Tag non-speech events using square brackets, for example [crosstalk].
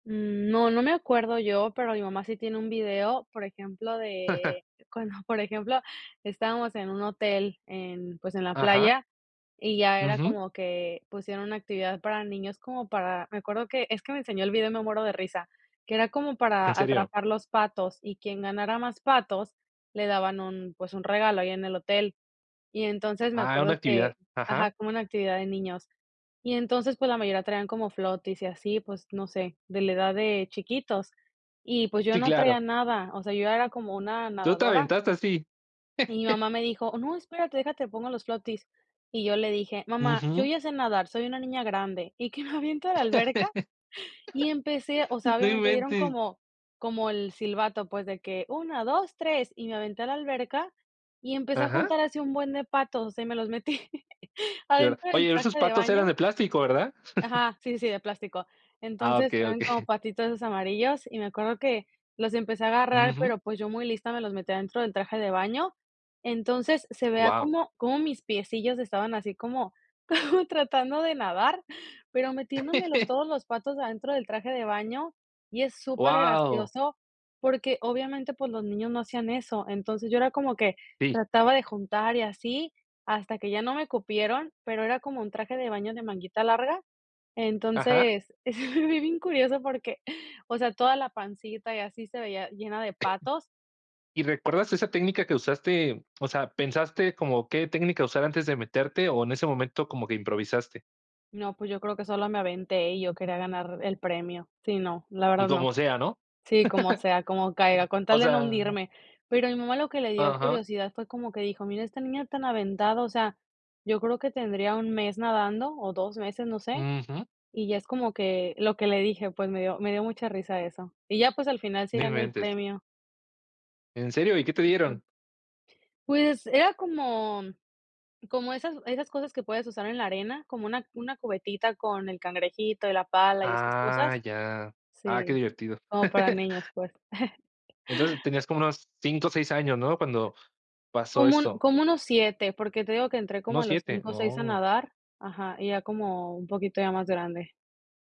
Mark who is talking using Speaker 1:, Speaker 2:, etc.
Speaker 1: Mm, no, no me acuerdo yo, pero mi mamá sí tiene un video, por ejemplo,
Speaker 2: [chuckles]
Speaker 1: de, cuando [chuckles] por ejemplo, estábamos en un hotel en, pues, en la
Speaker 2: Ajá.
Speaker 1: playa, y ya era
Speaker 2: Ujú.
Speaker 1: como que pusieron una actividad para niños, como para, me acuerdo que es que me enseñó el video y me muero de risa, que era como
Speaker 2: ¿En
Speaker 1: para
Speaker 2: serio?
Speaker 1: atrapar los patos y quien ganara más patos, le daban un, pues, un regalo ahí en el hotel. Y entonces me
Speaker 2: Ah, era una
Speaker 1: acuerdo que
Speaker 2: actividad, ajá.
Speaker 1: ajá, como una actividad de niños. Y entonces, pues, la mayoría traían como floaties y así, pues, no sé, de la edad de chiquitos y, pues, yo
Speaker 2: Sí,
Speaker 1: no traía
Speaker 2: claro.
Speaker 1: nada, o sea, yo era como una
Speaker 2: ¿Tú te
Speaker 1: nadadora
Speaker 2: aventaste así?
Speaker 1: y mi
Speaker 2: [chuckles]
Speaker 1: mamá me dijo: "No, espérate, deja te pongo los floaties". Y yo le dije: "Mamá, yo
Speaker 2: Ujú.
Speaker 1: ya sé nadar, soy una niña grande", Y qué me aviento a la alberca. Y empecé, o
Speaker 2: [laughs]
Speaker 1: sea,
Speaker 2: ¡No
Speaker 1: obviamente dieron
Speaker 2: inventes!
Speaker 1: como como el silbato, pues, de que 1, 2, 3, y me aventé a la alberca y empecé a
Speaker 2: Ajá.
Speaker 1: juntar así un buen de patos, o sea, y me los metí
Speaker 2: Y ahora.
Speaker 1: adentro del
Speaker 2: Oye, esos
Speaker 1: traje de
Speaker 2: patos eran
Speaker 1: baño
Speaker 2: de plástico, ¿verdad? [chuckles]
Speaker 1: Ajá, sí, sí, de plástico.
Speaker 2: Ah,
Speaker 1: Entonces,
Speaker 2: okey, okey.
Speaker 1: eran como
Speaker 2: [chuckles]
Speaker 1: patitos esos amarillos y me acuerdo que los empecé a agarrar,
Speaker 2: Ujú.
Speaker 1: pero, pues, yo muy lista me los metí adentro del traje de baño. Entonces, se veía
Speaker 2: Guau.
Speaker 1: como como mis piecillos estaban así como como tratando de nadar, pero metiéndome los
Speaker 2: [chuckles]
Speaker 1: todos los patos adentro del traje de baño, y es
Speaker 2: ¡Guau!
Speaker 1: supergracioso, porque, obviamente, pues, los niños no hacían eso. Entonces yo era como que
Speaker 2: Sí.
Speaker 1: trataba de juntar, y así hasta que ya no me cupieron, pero era como un traje de baño de manguita larga,
Speaker 2: Ajá.
Speaker 1: entonces es bi bien curioso porque, o sea, toda la pancita, y así se veía llena de patos.
Speaker 2: ¿Y recuerdas esa técnica que usaste? O sea, ¿pensaste como qué técnica usar antes de meterte, o en ese momento como que improvisaste?
Speaker 1: No, pues yo creo que sola me aventé y yo quería ganar el premio. Sí, no, la verdad
Speaker 2: Y
Speaker 1: no
Speaker 2: como sea, ¿no?
Speaker 1: sí, como sea, como caiga,
Speaker 2: [chuckles]
Speaker 1: con
Speaker 2: O
Speaker 1: tal de no
Speaker 2: sea
Speaker 1: hundirme. Pero a mi mamá lo que le dio
Speaker 2: Ajá.
Speaker 1: curiosidad fue como que dijo: "Mira, esta niña tan aventada", o sea, yo creo que tendría 1 mes nadando, o 2 meses, no sé,
Speaker 2: Ujú.
Speaker 1: y ya es como que lo que le dije, pues, me dio me dio mucha risa eso. Y ya, pues, al final sí
Speaker 2: No
Speaker 1: gané el
Speaker 2: inventes.
Speaker 1: premio.
Speaker 2: ¿En serio? ¿Y qué te dieron?
Speaker 1: Pues, era como como esas esas cosas que puedes usar en la arena, como una una cubetita con el cangrejito y la pala y esas
Speaker 2: Ah,
Speaker 1: cosas.
Speaker 2: ya. Ah, qué
Speaker 1: Sí,
Speaker 2: divertido.
Speaker 1: como para
Speaker 2: [chuckles]
Speaker 1: niños, pues. [chuckles]
Speaker 2: Entonces tenías como unos 5, o, 6 años, ¿no? Cuando pasó
Speaker 1: Como un
Speaker 2: esto.
Speaker 1: como unos 7, porque te digo que entré como a
Speaker 2: ¿Unos
Speaker 1: los
Speaker 2: 7?
Speaker 1: 5, 6 a
Speaker 2: ¡Oh!
Speaker 1: nadar ajá, y ya como un poquito ya más grande.